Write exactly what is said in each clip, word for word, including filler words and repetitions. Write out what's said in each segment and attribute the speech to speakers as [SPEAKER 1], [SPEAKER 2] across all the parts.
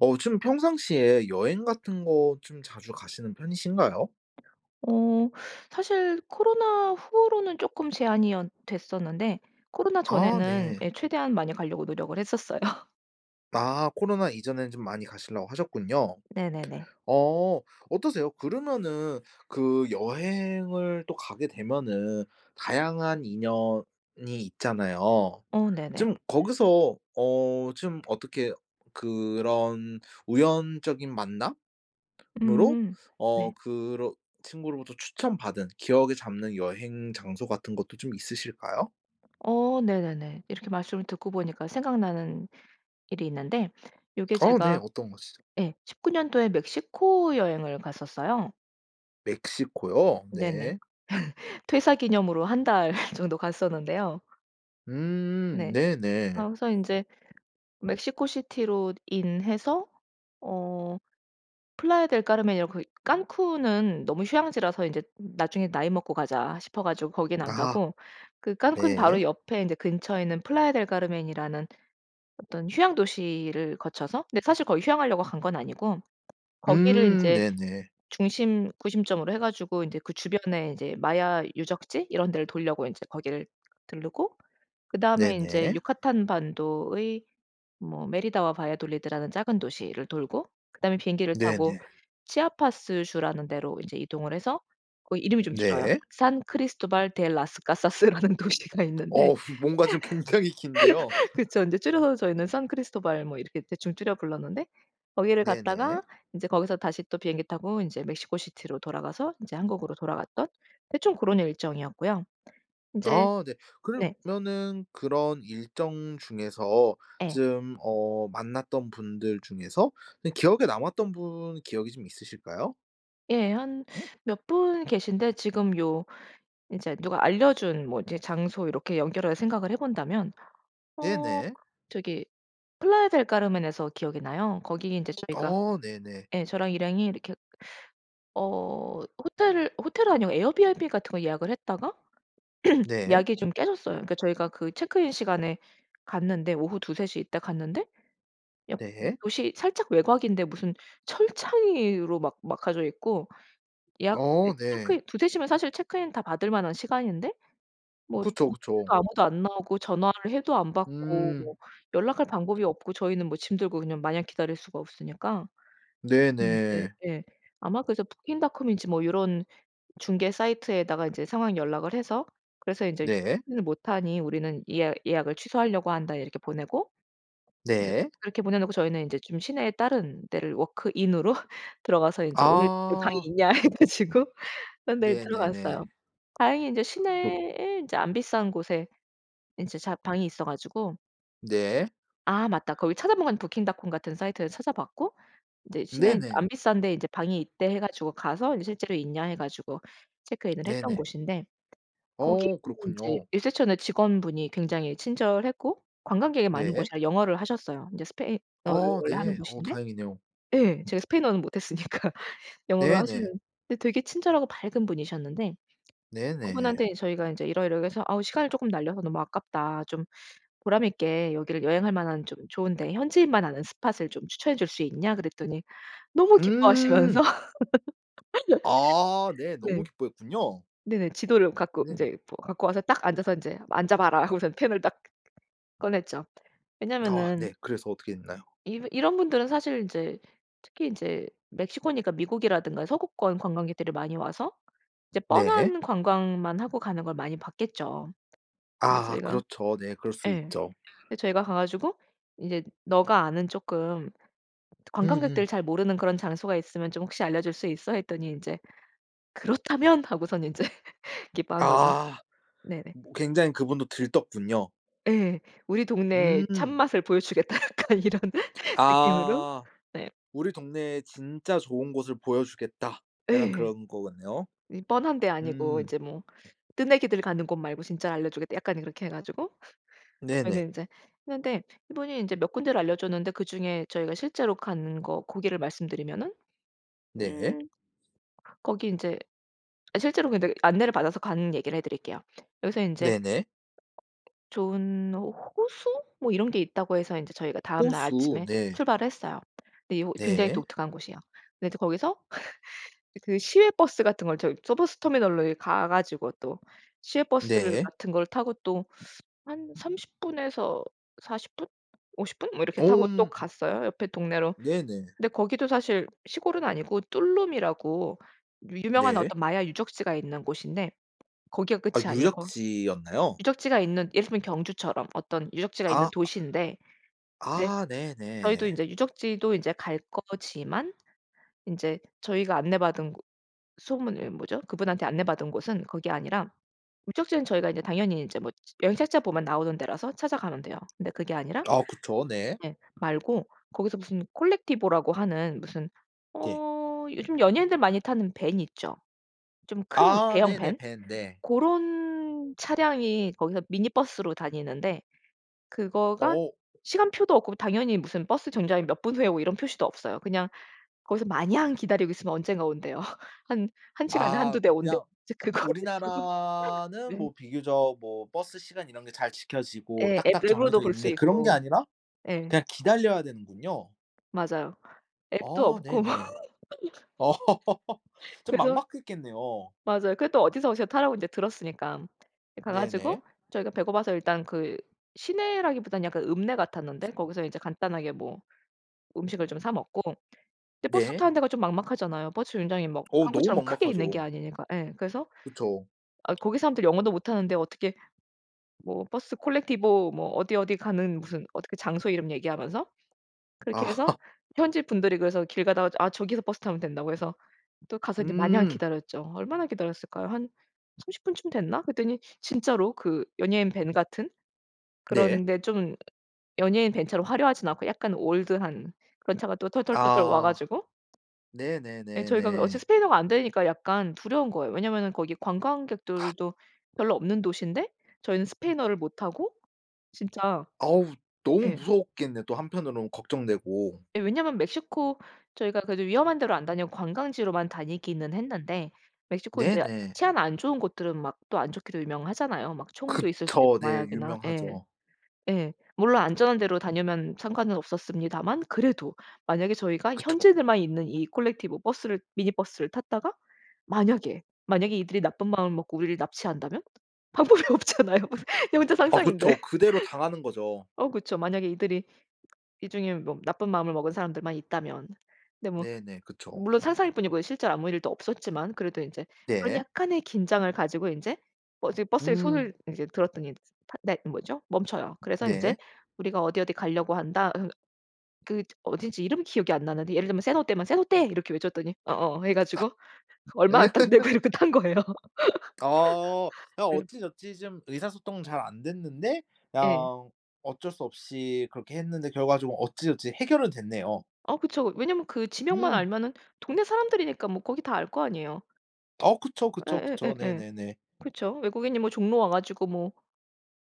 [SPEAKER 1] 어 좀 평상시에 여행 같은 것 좀 자주 가시는 편이신가요?
[SPEAKER 2] 어 사실 코로나 후로는 쪼끔 제한이 어 됐었는데 코로나
[SPEAKER 1] 아
[SPEAKER 2] 전에는
[SPEAKER 1] 네.
[SPEAKER 2] 예 최대한 많이 가려고 노력을 했었어요.
[SPEAKER 1] 아 코로나 이전에는 좀 많이 가시려고 하셨군요.
[SPEAKER 2] 네네네.
[SPEAKER 1] 어 어떠세요? 그러면은 그 여행을 또 가게 되면은 다양한 인연이 있잖아요.
[SPEAKER 2] 어 네네.
[SPEAKER 1] 좀 거기서 어 좀 어떻게 그런 우연적인 만남으로
[SPEAKER 2] 음
[SPEAKER 1] 어
[SPEAKER 2] 네.
[SPEAKER 1] 그러 친구로부터 추천받은 기억에 잡는 여행 장소 같은 것도 좀 있으실까요?
[SPEAKER 2] 어 네네네. 이렇게 말씀을 듣고 보니까 생각나는 일이 있는데 요게
[SPEAKER 1] 아 네.
[SPEAKER 2] 제가
[SPEAKER 1] 어떤 곳이죠?
[SPEAKER 2] 예 십구 년도에 멕시코 여행을 갔었어요.
[SPEAKER 1] 멕시코요.
[SPEAKER 2] 네네.
[SPEAKER 1] 네.
[SPEAKER 2] 퇴사 기념으로 한 달 정도 갔었는데요.
[SPEAKER 1] 음
[SPEAKER 2] 네.
[SPEAKER 1] 네네.
[SPEAKER 2] 아 그래서 인제 멕시코시티로 IN 해서 어 플라야 델 카르멘이라고 그 칸쿤은 너무 휴양지라서 이제 '나중에 나이 먹고 가자.' 싶어가지고 거기는 안
[SPEAKER 1] 아하
[SPEAKER 2] 가고 그 칸쿤
[SPEAKER 1] 네.
[SPEAKER 2] 바로 옆에 인제 근처에 있는 플라야 델 카르멘이라는 어떤 휴양 도시를 거쳐서 근데 사실 거기 휴양하려고 간 건 아니고 거기를
[SPEAKER 1] 음
[SPEAKER 2] 인제
[SPEAKER 1] 네네.
[SPEAKER 2] 중심 구심점으로 해가지고 인제 그 주변에 이제 마야 유적지 이런 데를 돌려고 인제 거기를 들르고 그다음에 인제
[SPEAKER 1] 네네.
[SPEAKER 2] 유카탄반도의 뭐 메리다와 바야돌리드라는 작은 도시를 돌고 그다음에 비행기를 타고
[SPEAKER 1] 네네.
[SPEAKER 2] 치아파스주라는 데로 인제 이동을 해서 거기 이름이 좀 길어요.
[SPEAKER 1] 네.
[SPEAKER 2] 산크리스토발 데 라스 카사스라는 도시가 있는데
[SPEAKER 1] 어 뭔가 좀 굉장히 긴데요.
[SPEAKER 2] 그쵸. 인제 줄여서 저희는 산크리스토발 이렇게 대충 줄여 불렀는데 거기를
[SPEAKER 1] 네네.
[SPEAKER 2] 갔다가 인제 거기서 다시 또 비행기 타고 인제 멕시코시티로 돌아가서 인제 한국으로 돌아갔던 대충 그런 일정이었고요. 인제
[SPEAKER 1] 아 네.
[SPEAKER 2] 네.
[SPEAKER 1] 그러면은 그런 일정 중에서
[SPEAKER 2] 예.
[SPEAKER 1] 좀 어 만났던 분들 중에서 그 기억에 남았던 분 기억이 좀 있으실까요?
[SPEAKER 2] 예. 한 몇 분 계신데 지금 요 이제 누가 알려준 뭐 이제 장소 이렇게 연결을 생각을 해 본다면 어
[SPEAKER 1] 네네.
[SPEAKER 2] 저기 플라야 델 카르멘에서 기억이 나요. 거기 이제 저희가
[SPEAKER 1] 어 네네.
[SPEAKER 2] 예 저랑 일행이 이렇게 어 호텔을 호텔 아니고 에어비앤비 같은 거 예약을 했다가
[SPEAKER 1] 네.
[SPEAKER 2] 예약이 좀 깨졌어요. 그니까 저희가 그 체크인 시간에 갔는데 오후 두세 시 이때 갔는데 약간
[SPEAKER 1] 네.
[SPEAKER 2] 도시 살짝 외곽인데 무슨 철창이 으로 막 막혀져 있고 예약
[SPEAKER 1] 어
[SPEAKER 2] 이제
[SPEAKER 1] 네.
[SPEAKER 2] 체크인 두세 시면 체크인 다 받을 만한 시간인데 뭐
[SPEAKER 1] 그쵸,
[SPEAKER 2] 노크해도
[SPEAKER 1] 그쵸.
[SPEAKER 2] 아무도 안 나오고 전화를 해도 안 받고 뭐
[SPEAKER 1] 음.
[SPEAKER 2] 연락할 방법이 없고 저희는 뭐 짐 들고 그냥 마냥 기다릴 수가 없으니까 그래서 이제
[SPEAKER 1] 네네.
[SPEAKER 2] 예 아마 그래서 부킹닷컴인지 뭐 요런 중개 사이트에다가 이제 상황 연락을 해서 그래서 인제
[SPEAKER 1] 네.
[SPEAKER 2] [unintelligible] "못 하니 우리는 예약 예약을 취소하려고 한다." 이렇게 보내고 이제
[SPEAKER 1] 네.
[SPEAKER 2] 그렇게 보내 놓고 저희는 이제 좀 시내에 다른 데를 워크인으로 들어가서 이제 "오늘 여기 방이
[SPEAKER 1] 아.
[SPEAKER 2] 있냐?" 해 가지고 그런 데를
[SPEAKER 1] 네네네.
[SPEAKER 2] 들어갔어요. 다행히 인제
[SPEAKER 1] 록
[SPEAKER 2] 시내에 인제 안 비싼 곳에 인제 자 방이 있어 가지고
[SPEAKER 1] 네.
[SPEAKER 2] 아 맞다. 거기를 찾아본 건 부킹닷컴 같은 사이트에서 찾아봤고 이제 "시내
[SPEAKER 1] 네네.
[SPEAKER 2] 안 비싼 데에 이제 방이 있대." 해 가지고 가서 "실제로 있냐?" 해 가지고 체크인을 했던
[SPEAKER 1] 네네.
[SPEAKER 2] 곳인데
[SPEAKER 1] 어.
[SPEAKER 2] 거기는 이제
[SPEAKER 1] 그렇군요.
[SPEAKER 2] 리셉션의 직원분이 굉장히 친절했고 관광객이 많은
[SPEAKER 1] 네.
[SPEAKER 2] 곳이라 영어를 하셨어요. 이제 스페인어를
[SPEAKER 1] 어
[SPEAKER 2] 원래 하는
[SPEAKER 1] 네. 어
[SPEAKER 2] 곳인데
[SPEAKER 1] 다행이네요.
[SPEAKER 2] 예 제가 스페인어는 못했으니까 영어로
[SPEAKER 1] 네네.
[SPEAKER 2] 하시는. 근데 되게 친절하고 밝은 분이셨는데
[SPEAKER 1] 네네.
[SPEAKER 2] 그분한테 "저희가 이제 이러이러해서 아우 시간을 쪼끔 날려서 너무 아깝다. 좀 보람 있게 여기를 여행할 만한 좀 좋은데 현지인만 아는 스폿을 추천해 줄 수 있냐?" 그랬더니 너무
[SPEAKER 1] 음.
[SPEAKER 2] 기뻐하시면서
[SPEAKER 1] 아. 네.
[SPEAKER 2] 네.
[SPEAKER 1] 너무 기뻐했군요.
[SPEAKER 2] 네네. 지도를 갖고
[SPEAKER 1] 네.
[SPEAKER 2] 인제 뭐 갖고 와서 딱 앉아서 인제 "앉아봐라." 하고선 펜을 딱 꺼냈죠.
[SPEAKER 1] 아
[SPEAKER 2] 왜냐하면은
[SPEAKER 1] 네. 그래서 어떻게 했나요?
[SPEAKER 2] 이 이런 분들은 사실 이제 특히 이제 멕시코니까 미국이라든가 서구권 관광객들이 많이 와서 이제
[SPEAKER 1] 네.
[SPEAKER 2] 뻔한 관광만 하고 가는 걸 많이 봤겠죠. 근데
[SPEAKER 1] 아.
[SPEAKER 2] 저희가
[SPEAKER 1] 그렇죠. 네. 그럴 수
[SPEAKER 2] 예.
[SPEAKER 1] 있죠.
[SPEAKER 2] 이제 저희가 가 가지고 이제 "너가 아는 쪼끔 트 관광객들
[SPEAKER 1] 으음.
[SPEAKER 2] 잘 모르는 그런 장소가 있으면 좀 혹시 알려줄 수 있어?" 했더니 인제 "그렇다면!" 하고서는 인제 기뻐한 거죠.
[SPEAKER 1] 아.
[SPEAKER 2] 네네.
[SPEAKER 1] 뭐 굉장히 그분도 들떴군요.
[SPEAKER 2] 예. "우리 동네의
[SPEAKER 1] 음.
[SPEAKER 2] 참맛을 보여 주겠다!" 약간 이런 느낌으로?
[SPEAKER 1] 아.
[SPEAKER 2] 네.
[SPEAKER 1] 우리 동네에 진짜 좋은 곳을 보여주겠다. 약간
[SPEAKER 2] 예.
[SPEAKER 1] 그런 것 같네요.
[SPEAKER 2] 이 "뻔한 데 아니고
[SPEAKER 1] 음.
[SPEAKER 2] 이제 뭐 뜨내기들 가는 곳 말고 진짜 알려 주겠다." 약간 이렇게 해 가지고
[SPEAKER 1] 네네.
[SPEAKER 2] 저희는 이제 했는데 이분이 이제 몇 군데를 알려 줬는데 그중에 저희가 실제로 간 거 고기를 말씀드리면은
[SPEAKER 1] 네.
[SPEAKER 2] 음 거기 인제 실제로 근데 안내를 받아서 간 얘기를 해드릴게요. 여기서 인제
[SPEAKER 1] 네네.
[SPEAKER 2] 좋은 호 호수? 뭐 이런 게 있다고 해서 인제 저희가 다음 날
[SPEAKER 1] 호수.
[SPEAKER 2] 아침에
[SPEAKER 1] 네.
[SPEAKER 2] 출발을 했어요. 근데 요 굉장히
[SPEAKER 1] 네.
[SPEAKER 2] 독특한 곳이에요. 근데 이제 거기서 그 시외버스 같은 걸 저기 저 버스터미널로 이 가 가지고 또 시외버스
[SPEAKER 1] 네.
[SPEAKER 2] 같은 걸 타고 또 한 삼십 분에서 사십 분? 오십 분? 뭐 이렇게 타고 또
[SPEAKER 1] 곰
[SPEAKER 2] 갔어요 옆에 동네로.
[SPEAKER 1] 네네.
[SPEAKER 2] 근데 거기도 사실 시골은 아니고 툴룸이라고 유명한
[SPEAKER 1] 네.
[SPEAKER 2] 어떤 마야 유적지가 있는 곳인데 거기가
[SPEAKER 1] 아
[SPEAKER 2] 끝이 아니에요. 거
[SPEAKER 1] 유적지였나요?
[SPEAKER 2] 유적지가 있는 예를 들면 경주처럼 어떤 유적지가 있는
[SPEAKER 1] 아.
[SPEAKER 2] 도시인데 이제
[SPEAKER 1] 아
[SPEAKER 2] 저희도
[SPEAKER 1] 네네.
[SPEAKER 2] 이제 유적지도 이제 갈 거지만 인제 저희가 안내받은 소문이 뭐죠? 그분한테 안내받은 곳은 그게 아니라 유적지는 저희가 이제 당연히 인제 뭐 여행 책자 보면 나오는 데라서 찾아가면 돼요. 근데 그게 아니라
[SPEAKER 1] 아 그쵸. 네.
[SPEAKER 2] 예 말고 거기서 무슨 콜렉티보라고 하는 무슨
[SPEAKER 1] 네.
[SPEAKER 2] 어 요즘 연예인들 많이 타는 밴 있죠. 좀 큰
[SPEAKER 1] 아
[SPEAKER 2] 대형
[SPEAKER 1] 네네.
[SPEAKER 2] 밴.
[SPEAKER 1] 밴 네.
[SPEAKER 2] 고런 차량이 거기서 미니버스로 다니는데 그거가
[SPEAKER 1] 어.
[SPEAKER 2] 시간표도 없고 당연히 무슨 버스 정류장에 몇 분 후에 오고 이런 표시도 없어요. 그냥 거기서 마냥 기다리고 있으면 언젠가 온대요. 한 한 시간에
[SPEAKER 1] 아
[SPEAKER 2] 한두 대 온대요.
[SPEAKER 1] 그냥
[SPEAKER 2] 이제 그거를 타고
[SPEAKER 1] 우리나라는
[SPEAKER 2] 네.
[SPEAKER 1] 뭐 비교적 뭐 버스 시간 이런 게 잘 지켜지고
[SPEAKER 2] 예. 앱
[SPEAKER 1] 딱딱
[SPEAKER 2] 앱으로도
[SPEAKER 1] 정해져
[SPEAKER 2] 볼 수
[SPEAKER 1] 있는데 그런 게
[SPEAKER 2] 있고
[SPEAKER 1] 아니라
[SPEAKER 2] 예.
[SPEAKER 1] 그냥 기다려야 되는군요.
[SPEAKER 2] 맞아요. 앱도
[SPEAKER 1] 어
[SPEAKER 2] 없고
[SPEAKER 1] 네네. 어 좀
[SPEAKER 2] 그래서
[SPEAKER 1] 막막했겠네요.
[SPEAKER 2] 맞아요. 근데 또 어디서 어디서 타라고 인제 들었으니까 가 가지고
[SPEAKER 1] 네네.
[SPEAKER 2] 저희가 배고파서 일단 그 시내라기보단 약간 읍내 같았는데 거기서 이제 간단하게 뭐 음식을 좀 사 먹고 근데 버스
[SPEAKER 1] 네.
[SPEAKER 2] 타는 데가 좀 막막하잖아요. 버스 정류장이 뭐
[SPEAKER 1] 어 너무
[SPEAKER 2] 한국처럼 크게 있는 게
[SPEAKER 1] 막막하죠.
[SPEAKER 2] 아니니까 예. 그래서
[SPEAKER 1] 그쵸.
[SPEAKER 2] 아 거기 사람들 영어도 못하는데 어떻게 뭐 버스 콜렉티보 뭐 어디 어디 가는 무슨 어떻게 장소 이름 얘기하면서 그렇게
[SPEAKER 1] 아
[SPEAKER 2] 해서
[SPEAKER 1] 하.
[SPEAKER 2] 현지분들이 그래서 길 가다가 "아 저기서 버스 타면 된다."고 해서 또 가서 이제 마냥
[SPEAKER 1] 음.
[SPEAKER 2] 기다렸죠. 얼마나 기다렸을까요? 한 삼십 분쯤 됐나? 그랬더니 진짜로 그 연예인 밴 같은?
[SPEAKER 1] 네.
[SPEAKER 2] 그런데 좀 연예인 밴처럼 화려하진 않고 약간 올드한 그런 차가 또 털털털털 와
[SPEAKER 1] 아.
[SPEAKER 2] 가지고 예 저희가 어차피
[SPEAKER 1] 네네네네.
[SPEAKER 2] 스페인어가 안되니까 약간 두려운 거예요. 왜냐하면은 거기 관광객들도 별로 없는 도시인데 저희는 스페인어를 못하고 진짜
[SPEAKER 1] 아우. 너무
[SPEAKER 2] 예.
[SPEAKER 1] 무서웠겠네 또 한편으로는 걱정되고.
[SPEAKER 2] 예. 왜냐하면 멕시코 저희가 그래도 위험한 데로 안 다니고 관광지로만 다니기는 했는데 멕시코 인제
[SPEAKER 1] 네네.
[SPEAKER 2] 치안 안 좋은 곳들은 막 또 안 좋기로 유명하잖아요. 막 총도 있을 수도 있고
[SPEAKER 1] 그쵸. 네.
[SPEAKER 2] 마약이나 예.
[SPEAKER 1] 유명하죠.
[SPEAKER 2] 예. 물론 안전한 데로 다니면 상관은 없었습니다만 그래도 만약에 저희가
[SPEAKER 1] 그쵸.
[SPEAKER 2] 현지인들만 있는 이 콜렉티보 버스를 미니버스를 탔다가 만약에 만약에 이들이 나쁜 마음을 먹고 우리를 납치한다면? 방법이 없잖아요. 그냥 혼자
[SPEAKER 1] 아
[SPEAKER 2] 상상인데.
[SPEAKER 1] 그쵸. 그대로 당하는 거죠.
[SPEAKER 2] 어 그쵸. 만약에 이들이 이 중에 뭐 나쁜 마음을 먹은 사람들만 있다면 근데 뭐
[SPEAKER 1] 네네. 그쵸.
[SPEAKER 2] 물론 상상일 뿐이고 실제로 아무 일도 없었지만 그래도 인제 그런
[SPEAKER 1] 네.
[SPEAKER 2] 약간의 긴장을 가지고 인제 버스 버스에 손을
[SPEAKER 1] 음.
[SPEAKER 2] 이제 들었더니 팟 네 뭐죠? 멈춰요. 그래서 인제
[SPEAKER 1] 네.
[SPEAKER 2] 우리가 어디 어디 가려고 한다. 읏 그 어딘지 이름 기억이 안 나는데 예를 들면 세노테면 "세노테!" 이렇게 외쳤더니 어어 해 가지고 얼마 딱 내고 이렇게 탄 거예요.
[SPEAKER 1] 아 그냥
[SPEAKER 2] 네.
[SPEAKER 1] 어찌저찌 좀 의사소통은 잘 안됐는데
[SPEAKER 2] 예.
[SPEAKER 1] 그냥 어쩔 수 없이 그렇게 했는데 결과적으로 어찌저찌 해결은 됐네요.
[SPEAKER 2] 어 그쵸. 왜냐하면 그 지명만
[SPEAKER 1] 음.
[SPEAKER 2] 알면은 동네 사람들이니까 뭐 거기 다 알 거 아니에요.
[SPEAKER 1] 어 그쵸, 그쵸, 그쵸.
[SPEAKER 2] 예예예예.
[SPEAKER 1] 네네네.
[SPEAKER 2] 그렇죠. 외국인이 뭐 종로 와 가지고 뭐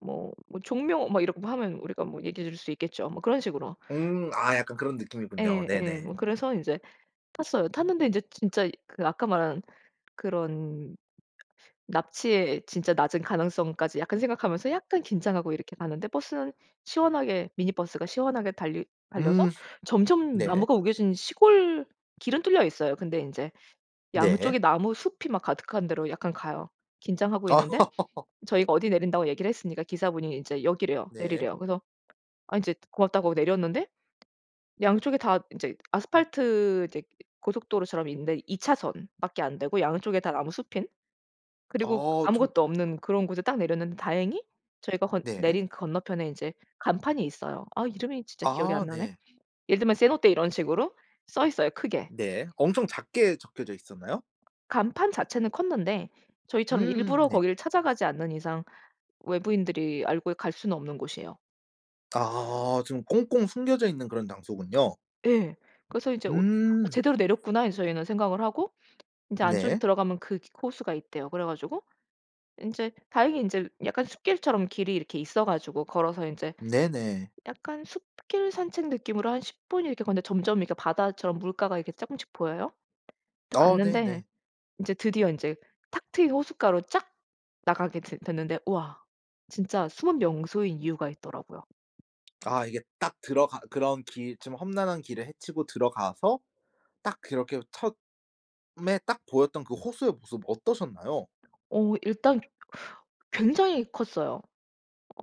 [SPEAKER 2] 뭐 뭐 종묘 막 이렇게 하면 우리가 뭐 얘기해 줄 수 있겠죠 뭐 그런 식으로.
[SPEAKER 1] 음. 아 약간 그런 느낌이군요.
[SPEAKER 2] 예예.
[SPEAKER 1] 네네.
[SPEAKER 2] 뭐 그래서 인제 탔어요. 탔는데 이제 진짜 그 아까 말한 그런 납치의 진짜 낮은 가능성까지 약간 생각하면서 약간 긴장하고 이렇게 가는데 버스는 시원하게 미니버스가 시원하게 달리 달려서
[SPEAKER 1] 음.
[SPEAKER 2] 점점
[SPEAKER 1] 네.
[SPEAKER 2] 나무가 우겨진 시골 길은 뚫려 있어요. 근데 인제
[SPEAKER 1] 네.
[SPEAKER 2] 양쪽에 나무숲이 막 가득한 데로 약간 가요. 긴장하고 있는데 저희가 어디 내린다고 얘기를 했으니까 기사분이 이제 여기래요.
[SPEAKER 1] 네.
[SPEAKER 2] 내리래요. 그래서 아 인제 고맙다고 내렸는데 양쪽에 다 인제 아스팔트 이제 고속도로처럼 있는데 이 차선 밖에 안되고 양쪽에 다 나무숲인 그리고
[SPEAKER 1] 더 좀 어
[SPEAKER 2] 아무것도 없는 그런 곳에 딱 내렸는데 다행히 저희가 건
[SPEAKER 1] 네.
[SPEAKER 2] 내린 건너편에 인제 간판이 있어요. 아 이름이 진짜 기억이
[SPEAKER 1] 아
[SPEAKER 2] 안 나네.
[SPEAKER 1] 네.
[SPEAKER 2] 예를 들면 세노테 이런 식으로 써 있어요 크게.
[SPEAKER 1] 네. 엄청 작게 적혀져 있었나요?
[SPEAKER 2] 간판 자체는 컸는데 저희처럼
[SPEAKER 1] 음음
[SPEAKER 2] 일부러
[SPEAKER 1] 네.
[SPEAKER 2] 거기를 찾아가지 않는 이상 외부인들이 알고 갈 수는 없는 곳이에요.
[SPEAKER 1] 아 좀 꽁꽁 숨겨져 있는 그런 장소군요.
[SPEAKER 2] 예. 그래서 이제 어 '어
[SPEAKER 1] 음.
[SPEAKER 2] 제대로 내렸구나.' 이 저희는 생각을 하고 인제 안쪽이
[SPEAKER 1] 네.
[SPEAKER 2] 들어가면 그 기 호수가 있대요. 그래 가지고 인제 다행히 인제 약간 숲길처럼 길이 이렇게 있어 가지고 걸어서 인제
[SPEAKER 1] 네네.
[SPEAKER 2] 약간 숲길 산책 느낌으로 한 십 분 이렇게 걷는데 점점 바다처럼 물가가 이렇게 쪼끔씩 보여요. 딱
[SPEAKER 1] 아
[SPEAKER 2] 갔는데
[SPEAKER 1] 네네.
[SPEAKER 2] 인제 드디어 인제 탁 트인 호숫가로 쫙 나가게 됐 됐는데 우와 진짜 숨은 명소인 이유가 있더라고요.
[SPEAKER 1] 아 이게 딱 들어가 그런 길 좀 험난한 길을 헤치고 들어가서 딱 그렇게 처음에 딱 보였던 그 호수의 모습 어떠셨나요?
[SPEAKER 2] 오 일단 굉장히 컸어요.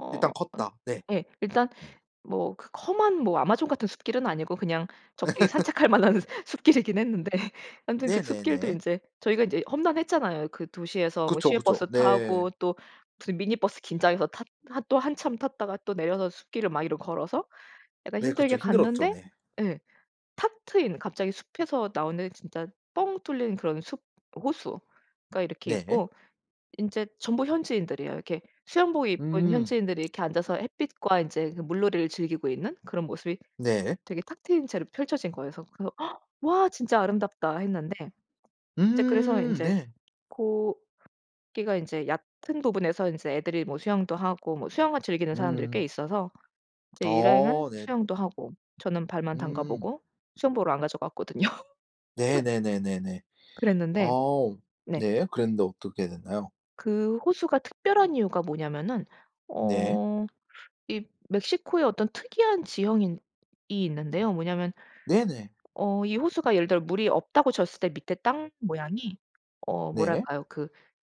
[SPEAKER 2] 어
[SPEAKER 1] 일단
[SPEAKER 2] 으
[SPEAKER 1] 컸다. 네.
[SPEAKER 2] 예. 일단 뭐 그 험한 뭐 아마존 같은 숲길은 아니고 그냥 적게 산책할 만한 숲길이긴 했는데 완전 그 숲길도
[SPEAKER 1] 네네네.
[SPEAKER 2] 인제 저희가 인제 험난했잖아요. 그 도시에서 뭐
[SPEAKER 1] 그쵸 그쵸.
[SPEAKER 2] 시외버스 타고
[SPEAKER 1] 네.
[SPEAKER 2] 또 무슨 미니버스 긴장해서 탔 하 또 한참 탔다가 또 내려서 숲길을 막 이렇게 걸어서 약간
[SPEAKER 1] 네
[SPEAKER 2] 힘들게
[SPEAKER 1] 그쵸. 힘들었죠
[SPEAKER 2] 갔는데
[SPEAKER 1] 네.
[SPEAKER 2] 예 탁 트인 갑자기 숲에서 나오는 진짜 뻥 뚫린 그런 숲 호수가 이렇게
[SPEAKER 1] 네네.
[SPEAKER 2] 있고 인제 전부 현지인들이에요. 이렇게 수영복 입은
[SPEAKER 1] 음.
[SPEAKER 2] 현지인들이 이렇게 앉아서 햇빛과 인제 그 물놀이를 즐기고 있는 그런 모습이
[SPEAKER 1] 네.
[SPEAKER 2] 되게 탁 트인 채로 펼쳐진 거예요. 그래서 그래서 아 "와 진짜 아름답다." 했는데 인제 그래서
[SPEAKER 1] 음.
[SPEAKER 2] 인제
[SPEAKER 1] 네.
[SPEAKER 2] 고기가 인제 얕은 부분에서 인제 애들이 뭐 수영도 하고 뭐 수영을 즐기는 사람들이
[SPEAKER 1] 음.
[SPEAKER 2] 꽤 있어서 인제 일행은
[SPEAKER 1] 어. 네.
[SPEAKER 2] 수영도 하고 저는 발만 담가
[SPEAKER 1] 음.
[SPEAKER 2] 보고 수영복을 안 가져갔거든요.
[SPEAKER 1] 네네네네네.
[SPEAKER 2] 그랬는데
[SPEAKER 1] 어오.
[SPEAKER 2] 네.
[SPEAKER 1] 네. 그랬는데 어떻게 됐나요?
[SPEAKER 2] 그 호수가 특별한 이유가 뭐냐면은
[SPEAKER 1] 네.
[SPEAKER 2] 어 이 멕시코의 어떤 특이한 지형인 이 있는데요. 뭐냐면
[SPEAKER 1] 네네.
[SPEAKER 2] 어 이 호수가 예를 들어 물이 없다고 쳤을 때 밑에 땅 모양이 어
[SPEAKER 1] 네.
[SPEAKER 2] 뭐랄까요. 그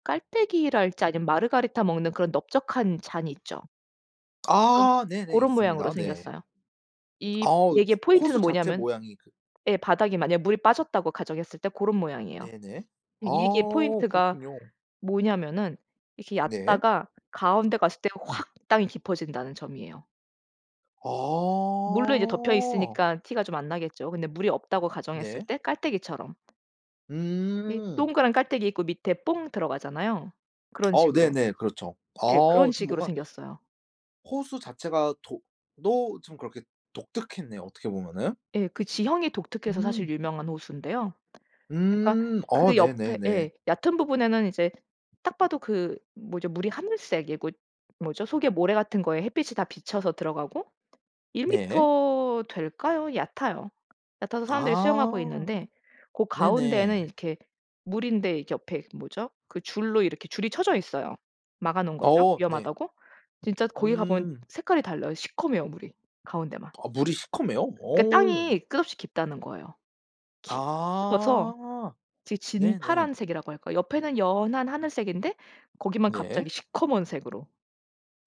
[SPEAKER 2] 깔때기랄지 아니면 마르가리타 먹는 그런 넓적한 잔이 있죠.
[SPEAKER 1] 아 네네.
[SPEAKER 2] 고런 모양으로
[SPEAKER 1] 있습니다. 네.
[SPEAKER 2] 생겼어요. 이
[SPEAKER 1] 어우
[SPEAKER 2] 얘기의 포인트는
[SPEAKER 1] 호수 자체
[SPEAKER 2] 뭐냐하면
[SPEAKER 1] 모양이 그
[SPEAKER 2] 예 바닥이 만약 물이 빠졌다고 가정했을 때 고런 모양이에요.
[SPEAKER 1] 네네.
[SPEAKER 2] 이게
[SPEAKER 1] 아
[SPEAKER 2] 포인트가
[SPEAKER 1] 그렇군요.
[SPEAKER 2] 뭐냐면은 이렇게
[SPEAKER 1] 네.
[SPEAKER 2] 얕다가 가운데 갔을 때 확 땅이 깊어진다는 점이에요. 물로 이렇게 덮여
[SPEAKER 1] 어.
[SPEAKER 2] 있으니까 티가 좀 안 나겠죠. 근데 물이 없다고 가정했을
[SPEAKER 1] 네.
[SPEAKER 2] 때 깔때기처럼 이
[SPEAKER 1] 음.
[SPEAKER 2] 동그란 깔때기 있고 밑에 뽕 들어가잖아요. 그런
[SPEAKER 1] 어
[SPEAKER 2] 식으로
[SPEAKER 1] 네네. 그렇죠.
[SPEAKER 2] 예 그런
[SPEAKER 1] 어 좀
[SPEAKER 2] 식으로
[SPEAKER 1] 뭔가
[SPEAKER 2] 생겼어요.
[SPEAKER 1] 호수 자체가 도 또 참 그렇게 독특했네요 어떻게 보면은.
[SPEAKER 2] 예. 그 지형이 독특해서 사실
[SPEAKER 1] 음.
[SPEAKER 2] 유명한 호수인데요. 그러니까
[SPEAKER 1] 음. 어
[SPEAKER 2] 그 옆에
[SPEAKER 1] 네네네.
[SPEAKER 2] 예 얕은 부분에는 이제 딱 봐도 그 뭐죠 물이 하늘색이고 뭐죠 속에 모래 같은 거에 햇빛이 다 비쳐서 들어가고. 일
[SPEAKER 1] 네.
[SPEAKER 2] 미터 될까요? 얕아요. 얕아서 사람들이 수영하고
[SPEAKER 1] 아
[SPEAKER 2] 있는데 고 가운데는
[SPEAKER 1] 네네.
[SPEAKER 2] 이렇게 물인데 이렇게 옆에 뭐죠 그 줄로 이렇게 줄이 쳐져 있어요. 막아 놓은 거죠
[SPEAKER 1] 어 네.
[SPEAKER 2] 위험하다고. 진짜 거기 가 보면
[SPEAKER 1] 음.
[SPEAKER 2] 색깔이 달라요. 시커메요 물이 가운데만.
[SPEAKER 1] 어 물이 시커매요?
[SPEAKER 2] 그
[SPEAKER 1] 어.
[SPEAKER 2] 땅이 끝없이 깊다는 거예요. 깊어서
[SPEAKER 1] 아.
[SPEAKER 2] 되게
[SPEAKER 1] 네네.
[SPEAKER 2] 진파란색이라고 할까? 옆에는 연한 하늘색인데 거기만
[SPEAKER 1] 네.
[SPEAKER 2] 갑자기 시커먼 색으로.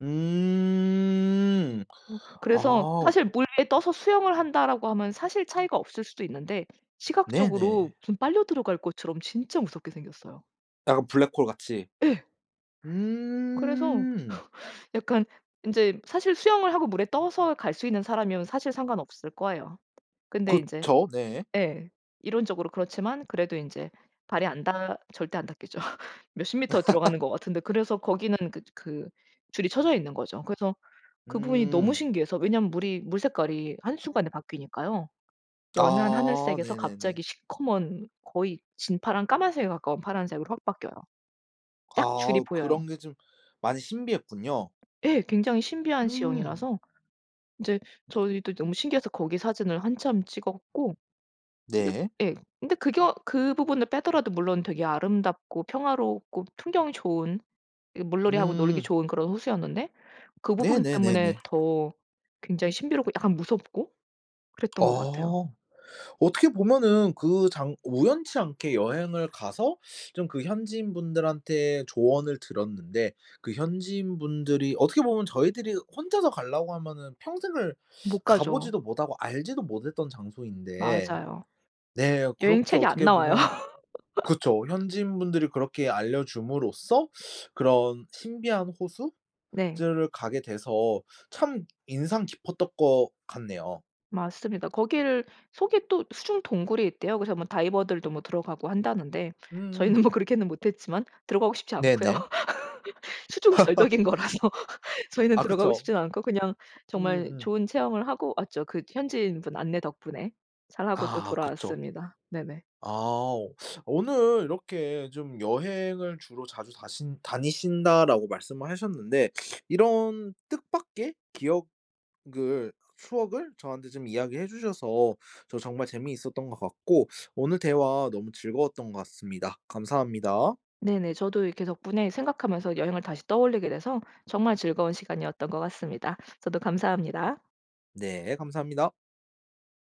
[SPEAKER 1] 음.
[SPEAKER 2] 어 그래서
[SPEAKER 1] 아우.
[SPEAKER 2] 사실 '물에 떠서 수영을 한다.'라고 하면 사실 차이가 없을 수도 있는데 시각적으로
[SPEAKER 1] 네네.
[SPEAKER 2] 좀 빨려 들어갈 것처럼 진짜 무섭게 생겼어요.
[SPEAKER 1] 약간 블랙홀 같이.
[SPEAKER 2] 예. 그래서
[SPEAKER 1] 음.
[SPEAKER 2] 약간 인제 사실 수영을 하고 물에 떠서 갈 수 있는 사람이면 사실 상관없을 거예요. 근데 이제
[SPEAKER 1] 그쵸 네.
[SPEAKER 2] 예 이론적으로 그렇지만 그래도 인제 발이 안 닿 절대 안 닿겠죠. 몇 십 미터 들어가는 것 같은데 그래서 거기는 그 그 줄이 쳐져 있는 거죠. 그래서 그 부분이 너무
[SPEAKER 1] 음.
[SPEAKER 2] 신기해서 왜냐하면 물이 물 색깔이 한순간에 바뀌니까요. 연한
[SPEAKER 1] 아
[SPEAKER 2] 하늘색에서
[SPEAKER 1] 네네네.
[SPEAKER 2] 갑자기 시커먼 거의 진파랑 까만색에 가까운 파란색으로 확 바뀌어요. 딱 줄이
[SPEAKER 1] 아
[SPEAKER 2] 보여요.
[SPEAKER 1] 그런 게 좀 많이 신비했군요.
[SPEAKER 2] 예. 굉장히 신비한
[SPEAKER 1] 음.
[SPEAKER 2] 지형이라서 인제 저희도 너무 신기해서 거기 사진을 한참 찍었고 근데
[SPEAKER 1] 네.
[SPEAKER 2] 예. 근데 그게 그 부분을 빼더라도 물론 되게 아름답고 평화롭고 풍경이 좋은 이 물놀이하고 놀기
[SPEAKER 1] 음.
[SPEAKER 2] 좋은 그런 호수였는데 그 부분 때문에
[SPEAKER 1] 네네네네.
[SPEAKER 2] 더 굉장히 신비롭고 약간 무섭고 그랬던 것 같아요.
[SPEAKER 1] 어. 어떻게 보면은 그 장 우연치 않게 여행을 가서 좀 그 현지인분들한테 조언을 들었는데 그 현지인분들이 어떻게 보면 저희들이 혼자서 가려고 하면은 평생을
[SPEAKER 2] 못
[SPEAKER 1] 가
[SPEAKER 2] 가죠.
[SPEAKER 1] 보지도 못하고 알지도 못했던 장소인데
[SPEAKER 2] 맞아요.
[SPEAKER 1] 네,
[SPEAKER 2] 여행
[SPEAKER 1] 그렇게
[SPEAKER 2] 책에 안
[SPEAKER 1] 어떻게
[SPEAKER 2] 나와요.
[SPEAKER 1] 보면 그쵸. 현지인분들이 그렇게 알려줌으로써 그런 신비한 호수?
[SPEAKER 2] 네.
[SPEAKER 1] 들을 가게 돼서 참 인상 깊었던 것 같네요.
[SPEAKER 2] 맞습니다. 거기를 속에 또 수중 동굴이 있대요. 그래서 뭐 다이버들도 뭐 들어가고 한다는데
[SPEAKER 1] 음음.
[SPEAKER 2] 저희는 뭐 그렇게는 못 했지만 들어가고 싶지 않고요.
[SPEAKER 1] 네네.
[SPEAKER 2] 수중 절벽인 거라서 저희는
[SPEAKER 1] 아
[SPEAKER 2] 들어가고
[SPEAKER 1] 그쵸.
[SPEAKER 2] 싶지 않고 그냥 정말
[SPEAKER 1] 음음.
[SPEAKER 2] 좋은 체험을 하고 왔죠. 그 현지인 분 안내 덕분에 잘하고 또
[SPEAKER 1] 아 그쵸.
[SPEAKER 2] 돌아왔습니다. 네네.
[SPEAKER 1] 아 오늘 이렇게 좀 "여행을 주로 자주 다신 다니신다."라고 말씀하셨는데 이런 뜻밖의 기억을 추억을 저한테 좀 이야기해 주셔서 저 정말 재미있었던 것 같고 오늘 대화 너무 즐거웠던 것 같습니다. 감사합니다.
[SPEAKER 2] 네네. 저도 이렇게 덕분에 생각하면서 여행을 다시 떠올리게 되서 정말 즐거운 시간이었던 것 같습니다. 저도 감사합니다.
[SPEAKER 1] 네 감사합니다.